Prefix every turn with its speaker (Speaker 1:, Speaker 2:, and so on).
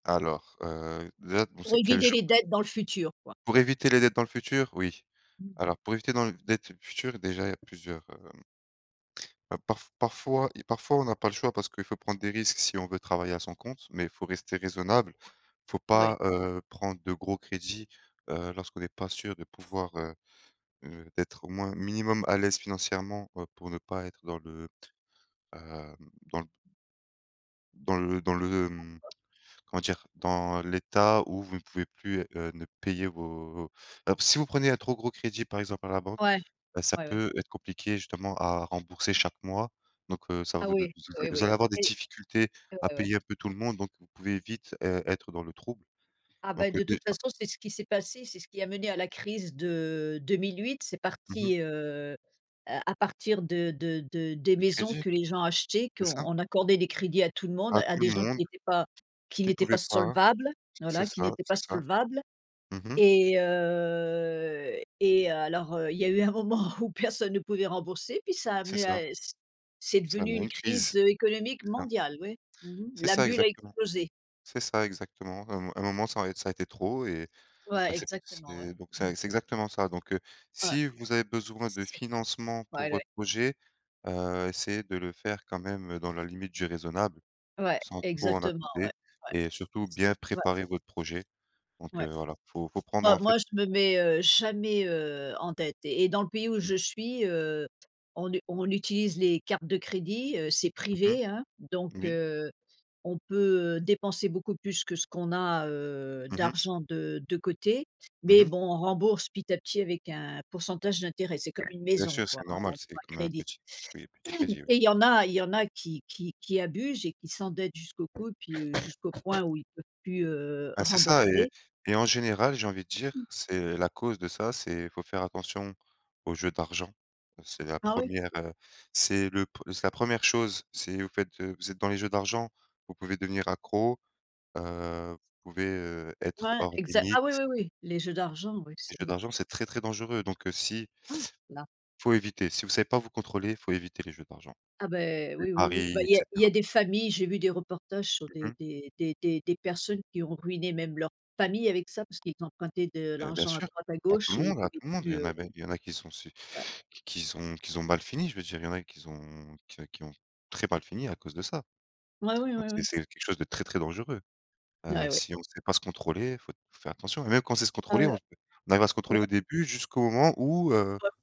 Speaker 1: Alors heu, déjà, bon:
Speaker 2: Pour
Speaker 1: c'est quel
Speaker 2: éviter les
Speaker 1: [unintelligible]
Speaker 2: dettes dans le futur, quoi.
Speaker 1: Pour éviter les dettes dans le futur, oui.
Speaker 2: Mmh mh.
Speaker 1: Alors, pour éviter dans dettes futures, déjà, il y a plusieurs hem bah parfois parfois parfois on n'a pas le choix parce qu'il faut prendre des risques si on veut travailler à son compte, mais il faut rester raisonnable, Il faut
Speaker 2: Ouais.
Speaker 1: pas, heu, prendre de gros crédits, heu, lorsqu'on n'est pas sûr de pouvoir, heu heu, d'être au moins minimum à l'aise financièrement pour ne pas être dans le, heu, dans le dans le dans le, mmh, comment dire, dans l'état où vous ne pouvez plus, heu, ne payer vos emp si vous prenez un trop gros crédit, par exemple, à la banque,
Speaker 2: Ouais,
Speaker 1: bah ça
Speaker 2: ouais, ouais.
Speaker 1: peut être compliqué justement à rembourser chaque mois, donc heu ça
Speaker 2: Ah
Speaker 1: vous de
Speaker 2: oui,
Speaker 1: z
Speaker 2: oui,
Speaker 1: vous
Speaker 2: oui.
Speaker 1: allez avoir des
Speaker 2: Oui.
Speaker 1: difficultés
Speaker 2: Ouais,
Speaker 1: à
Speaker 2: ouais.
Speaker 1: payer un peu tout le monde, donc vous pouvez vite, heu, être dans le trouble.
Speaker 2: Ah bah
Speaker 1: Donc
Speaker 2: de
Speaker 1: heu,
Speaker 2: toute
Speaker 1: déjà
Speaker 2: façon c'est ce qui s'est passé, c'est ce qui a mené à la crise de 2008, c'est
Speaker 1: mmh mh.
Speaker 2: parti, heu, à partir de de de des
Speaker 1: Les
Speaker 2: maisons
Speaker 1: crédits,
Speaker 2: que les gens achetaient,
Speaker 1: c'est ça?
Speaker 2: qu'on accordait des crédits à tout le monde,
Speaker 1: À
Speaker 2: à
Speaker 1: tout le
Speaker 2: des gens
Speaker 1: monde
Speaker 2: qui n'étaient pas
Speaker 1: puis
Speaker 2: qui
Speaker 1: qui ne
Speaker 2: n'étaient
Speaker 1: pouvait
Speaker 2: pas
Speaker 1: pas,
Speaker 2: solvables,
Speaker 1: c'est
Speaker 2: voilà, qui
Speaker 1: ça,
Speaker 2: n'étaient pas
Speaker 1: c'est ça.
Speaker 2: solvables.
Speaker 1: Mmh mh.
Speaker 2: Et heu et heu alors heu, il y a eu un moment où personne ne pouvait rembourser puis ça a
Speaker 1: C'est
Speaker 2: amené
Speaker 1: ça.
Speaker 2: à c c'est
Speaker 1: Ça
Speaker 2: devenu
Speaker 1: amène
Speaker 2: une
Speaker 1: une
Speaker 2: crise,
Speaker 1: crise,
Speaker 2: heu, économique
Speaker 1: c'est ça.
Speaker 2: mondiale oui, mmh mh,
Speaker 1: C'est
Speaker 2: la
Speaker 1: ça,
Speaker 2: bulle a
Speaker 1: exactement,
Speaker 2: explosé.
Speaker 1: c'est ça, exactement. À un mo à un moment ça a ça a été trop et,
Speaker 2: Ouais
Speaker 1: bah, c'est
Speaker 2: exactement, ouais.
Speaker 1: c'est donc c'est c'est exactement ça. Donc heu,
Speaker 2: Ouais,
Speaker 1: si vous avez besoin de
Speaker 2: c'est
Speaker 1: financement pour
Speaker 2: ouais ouais.
Speaker 1: votre projet, heu, essayez de le faire quand même dans la limite du raisonnable
Speaker 2: Ouais,
Speaker 1: sans trop en
Speaker 2: exactement, ouais.
Speaker 1: abuser
Speaker 2: Ouais
Speaker 1: et surtout
Speaker 2: s
Speaker 1: bien
Speaker 2: ouais.
Speaker 1: préparer votre projet. Donc
Speaker 2: Ouais,
Speaker 1: heu voilà, il faut il faut prendre,
Speaker 2: moi
Speaker 1: en fait
Speaker 2: moi je me mets, heu, jamais, heu, en dette et dans le pays où
Speaker 1: Mmh.
Speaker 2: je suis, heu, on u on utilise les cartes de crédit, heu, c'est
Speaker 1: Mmh mh.
Speaker 2: privé, hein, donc
Speaker 1: Oui.
Speaker 2: heu, on peut, heu, dépenser beaucoup plus que ce qu'on a, heu,
Speaker 1: Mmh mh.
Speaker 2: d'argent de de côté,
Speaker 1: Mmh
Speaker 2: mais
Speaker 1: mh.
Speaker 2: bon on rembourse petit à petit avec un pourcentage d'intérêt, c'est comme une
Speaker 1: Bien
Speaker 2: maison,
Speaker 1: sûr,
Speaker 2: quoi,
Speaker 1: c'est
Speaker 2: hein, on
Speaker 1: normal, c'est
Speaker 2: prend un
Speaker 1: comme un
Speaker 2: crédit
Speaker 1: petit oui, un petit crédit, oui.
Speaker 2: et il y en a il y en a qui qui qui abusent et qui s'endettent jusqu'au cou et puis jusqu'au point où ils peuvent plus, heu,
Speaker 1: Bah c'est ça et
Speaker 2: rembourser
Speaker 1: et en général, j'ai envie de dire, c'est la cause de ça, c'est faut faire attention aux jeux d'argent. C'est la
Speaker 2: Ah oui?
Speaker 1: 1re heu, c'est le p c'est la 1re chose, c'est vous faites de vous êtes dans les jeux d'argent, vous pouvez devenir accro, heu, vous pouvez, heu, être
Speaker 2: Ouais,
Speaker 1: hors
Speaker 2: exa ah
Speaker 1: limite.
Speaker 2: oui, oui, oui, les jeux d'argent, oui,
Speaker 1: Les
Speaker 2: c'est
Speaker 1: jeux d'argent, c'est très, très dangereux, donc si
Speaker 2: Ah, là.
Speaker 1: Faut éviter, si vous savez pas vous contrôler, faut éviter les jeux d'argent.
Speaker 2: Ah bah,
Speaker 1: Les
Speaker 2: oui, oui, oui bah
Speaker 1: paris et
Speaker 2: il y a il y
Speaker 1: cetera.
Speaker 2: a des familles, j'ai vu des reportages sur
Speaker 1: Mmh
Speaker 2: des
Speaker 1: mh.
Speaker 2: des des des des personnes qui ont ruiné même leur famille avec ça parce qu'ils empruntaient de
Speaker 1: Heu bien
Speaker 2: l'argent à
Speaker 1: sûr,
Speaker 2: droite à
Speaker 1: à tout
Speaker 2: gauche
Speaker 1: le
Speaker 2: et ils
Speaker 1: monde, à
Speaker 2: pouvaient
Speaker 1: tout le monde, il
Speaker 2: plus,
Speaker 1: y en
Speaker 2: heu
Speaker 1: a même il y en a qu'ils sont si
Speaker 2: Ouais.
Speaker 1: qui ont qui ont qui ont mal fini, je veux dire, il y en a qui ont qui qui ont très mal fini à cause de ça.
Speaker 2: Ouais, ouais,
Speaker 1: Donc
Speaker 2: ouais, ouais.
Speaker 1: c'est c'est quelque chose de très, très dangereux. Heu,
Speaker 2: Ah ouais.
Speaker 1: si on ne sait pas se contrôler, il faut faut faire attention et même quand on sait se
Speaker 2: Ah
Speaker 1: contrôler,
Speaker 2: ouais.
Speaker 1: on on arrive à se
Speaker 2: Ouais.
Speaker 1: contrôler au début jusqu'au moment où heu
Speaker 2: Ouais.